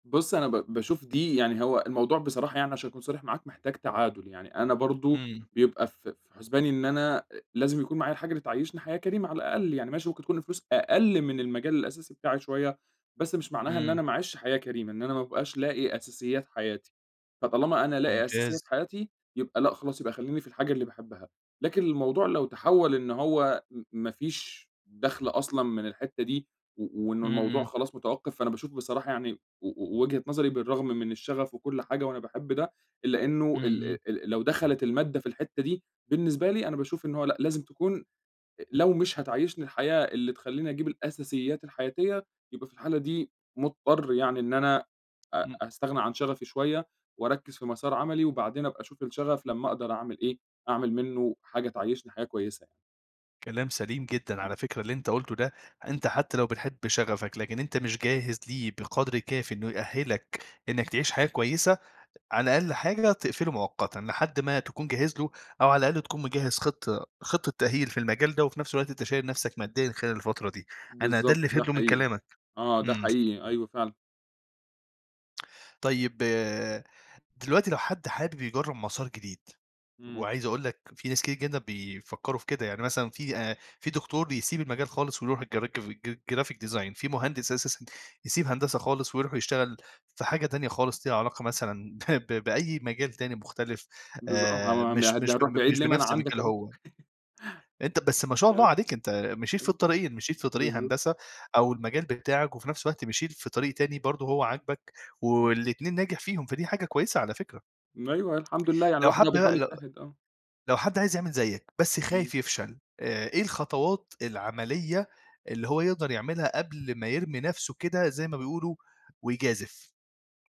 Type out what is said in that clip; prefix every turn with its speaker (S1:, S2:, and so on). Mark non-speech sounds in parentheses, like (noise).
S1: بُص، أنا ب باشوف دي يعني هو الموضوع بصراحة يعني عشان أكون صريح معاك، محتاج تعادُل. يعني أنا برضه
S2: إمم.
S1: بيبقى في في حُسباني إن أنا أ لازم يكون معايا الحاجة اللي تعيّشني حياة كريمة على الأقل، يعني ماشي ممكن تكون الفلوس أقَل من المجال الأساسي بتاعي شوية، بس مش معناها إن
S2: إمم.
S1: أنا ما أعيشش حياة كريمة، إن أنا ما أبقاش لاقي أساسيات حياتي. فطالما أنا لاقي
S2: ممتاز.
S1: أساسيات حياتي، يبقى لأ، خلاص يبقى خلّيني في الحاجة اللي باحبها. لكن الموضوع لو تحوّل إن هو م ما فيش دَخْل أصلًا من الحتّة دي و وإنه
S2: إمم،
S1: الموضوع
S2: إمم.
S1: خلاص متوقّف، فأنا باشوف بصراحة يعني و و وجهة نظري بالرغم من الشغف وكل حاجة وأنا باحب ده، إلّا إنه
S2: إمم،
S1: الأ
S2: إمم.
S1: ال ال لو دخلت المادة في الحتّة دي، بالنسبة لي أنا باشوف إنه هو لأ، لازم تكون أ لو مش هتعيّشني الحياة اللي تخلّيني أجيب الأساسيات الحياتية، يبقى في الحالة دي مضطر يعني إن أنا أ
S2: إمم.
S1: أستغنى عن شغفي شوية وأركّز في مَسار عملي وبعدين أبقى أشوف الشغف لمّا أقدر أعمل إيه، أعمل منّه حاجة تعيّشني حاجة كويسة.
S2: كلام سليم جدًا.
S1: آه.
S2: على فكرة اللي أنت قُلته ده،
S1: امم.
S2: أنت حتّى لو بتحب شغفك، لكن أنت مش جاهز ليه بقدر كافي إنه يأهّلك إنّك تعيش حياة كويسة، أ على أقل حاجة تقفله مؤقتًا، لحد ما تكون جاهز له أو على الأقل تكون مجهّز خطة خطة تأهيل في المجال ده وفي نفس الوقت أنت شايل نفسك ماديًا خلال الفترة دي. أنا ده
S1: بالضبط
S2: اللي
S1: ده
S2: فهمته من
S1: حقيقي.
S2: كلامك.
S1: آه، ده
S2: إمم.
S1: حقيقي. أيوه فعلًا.
S2: طيب، دلوقتي لو حد حابب يجرّب مَسار جديد،
S1: إمم.
S2: وعايز أقول لك في ناس كتير جدًا بيفكّروا في كده، يعني مثلًا في أ في دكتور بيسيب المجال خالص ويروح الجركف ج graphic design، في مهندس أساسًا يسيب هندسة خالص ويروح يشتغل في حاجة تانية خالص ليها علاقة مثلًا ب ب بأي مجال تاني مختلف
S1: بالضب
S2: آآ
S1: آه. هم
S2: مش
S1: يه ده
S2: مش
S1: هنروح
S2: ب
S1: بعيد
S2: مش
S1: ليه؟ ما أنا
S2: بنفس
S1: عندك
S2: مجاله
S1: أهو.
S2: هو.
S1: (chuckles)
S2: أنت بس ما شاء الله
S1: آه.
S2: عليك أنت مشيت في
S1: أي
S2: الطريقين، مشيت في طريق
S1: بالضبط.
S2: هندسة أو المجال بتاعك وفي نفس الوقت مشيت في طريق تاني برضه هو عاجبك
S1: إمم.
S2: والاتنين ناجح فيهم، فدي حاجة كويسة على فكرة.
S1: م أيوه، الحمد لله، يعني
S2: لو
S1: الواحد
S2: حد
S1: بقى
S2: بقى
S1: بيحاول
S2: لو
S1: يجتهد، آه.
S2: لو حد عايز يعمل زيّك بس
S1: إمم.
S2: خايف يفشل، آآ، إيه الخطوات العملية اللي هو يقدر يعملها قبل ما يرمي نفسه كده زي ما بيقولوا ويجازِف؟